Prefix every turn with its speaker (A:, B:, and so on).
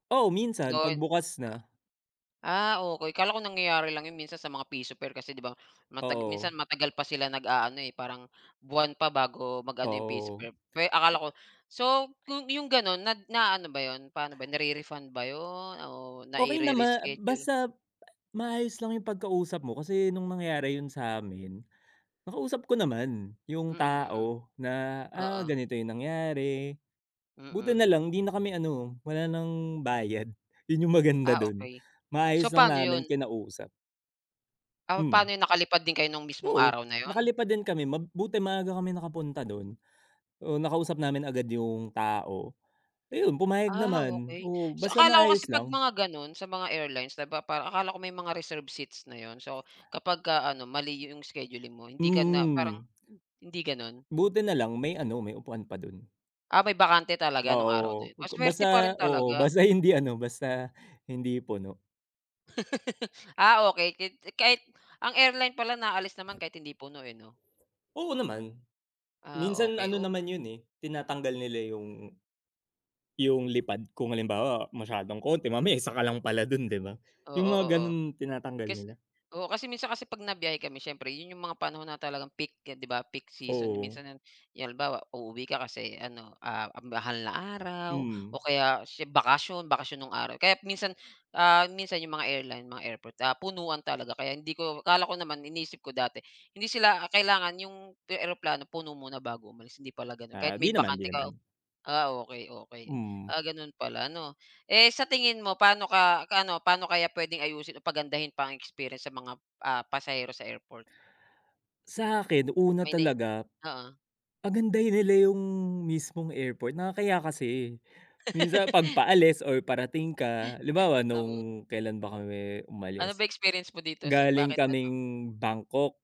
A: Oo, minsan 'pag
B: [unintelligible]
A: bukas na.
B: Ah, okey. Akala ko nangyayari lang 'yon minsan sa mga pa piso fair kasi 'di ba mata minsan
A: Oo.
B: matagal pa sila nag-aano, eh, parang buwan pa bago mag-ano yung piso fair.
A: Oo.
B: Akala ko so, kung 'yong gano'n na naano ba 'yon, paano ba 'yon, nare-refund ba 'yon o
A: Okey naman
B: naire-reschedule?
A: basta maayos lang yung pagkausap mo. Kasi nung nangyari yun sa'min, nakausap ko naman yung
B: Mm, mm.
A: tao na, ah,
B: Oo.
A: ganito yung nangyari. Buti
B: Mm.
A: nalang 'di na kami ano, wala ng bayad. Yun yung
B: Ah,
A: maganda dun.
B: okey.
A: Maayos
B: So,
A: lang
B: paano
A: namin
B: 'yon?
A: kinausap.
B: Ah, paano
A: Hmm.
B: yun? Nakalipad din kayo nung mismong
A: Oo,
B: araw na yun?
A: nakalipad din kami. Mabuti maaga kami nakapunta dun. Oh, nakausap namin agad yung tao. Ayun, pumayag
B: Ah,
A: naman.
B: okey.
A: Oo,
B: So,
A: basta
B: akala ko kasi
A: maayos
B: 'pag
A: lang.
B: mga gano'n sa mga airlines di ba, parang akala ko may mga reserved seats na 'yon. So, kapag ka ano, mali 'yong scheduling mo hindi ka na parang
A: Hmm.
B: hindi gano'n?
A: Buti nalang may ano, may upuan pa dun.
B: Ah, may bakante talaga nung araw na
A: Oo,
B: yun? Masuwerte pa
A: basta
B: rin
A: oo.
B: talaga.
A: Basta hindi ano, basta hindi puno.
B: Ah, okey. Kahit kahit ang airline pala naalis naman kahit hindi puno, eh, no?
A: Oo naman.
B: Ah,
A: Minsan
B: okey,
A: ano
B: oh.
A: naman yun, eh, tinatanggal nila yung yung lipad kung halimbawa masyadong konti, mamaya 1 ka lang pala dun, 'di ba?
B: Oo,
A: Yung mga
B: oo.
A: ganun tinatanggal
B: Kas
A: nila.
B: oo, kasi minsan kasi 'pag nabiyahe kami siyempre 'yon 'yong mga panahon na talagang peak, 'di ba, peak season.
A: Oo.
B: Minsan yung halimbawa, uuwi ka kasi ano ah, mahal na araw o
A: Mm.
B: kaya sie bakasyon. Bakasyon nung araw. Kaya minsan, ah, minsan 'yong mga airline, mga airport, ah, punuan talaga kaya hindi ko akala ko naman, iniisip ko dati, hindi sila, ah, kailangan 'yong eroplano puno muna bago umalis, hindi pala ganun, kahit
A: Ah,
B: may
A: 'di naman, 'di
B: bakante ka.
A: naman.
B: Ah, okey okey.
A: Mm.
B: Ah, gano'n pala. Ano, eh, sa tingin mo paano ka ano, paano kaya puwedeng ayusin o pagandahin pa ang experience sa mga, ah, pasahero sa airport?
A: Sa'kin una
B: May nai
A: talaga,
B: oo.
A: pagandahin nila yung mismong airport. Nakakahiya kasi. Minsan 'pag paalis or parating ka, halimbawa,
B: Oo.
A: nung kailan ba kami
B: Ano
A: umalis?
B: ba experience mo dito s
A: Galing
B: bakit ano
A: kaming Bangkok.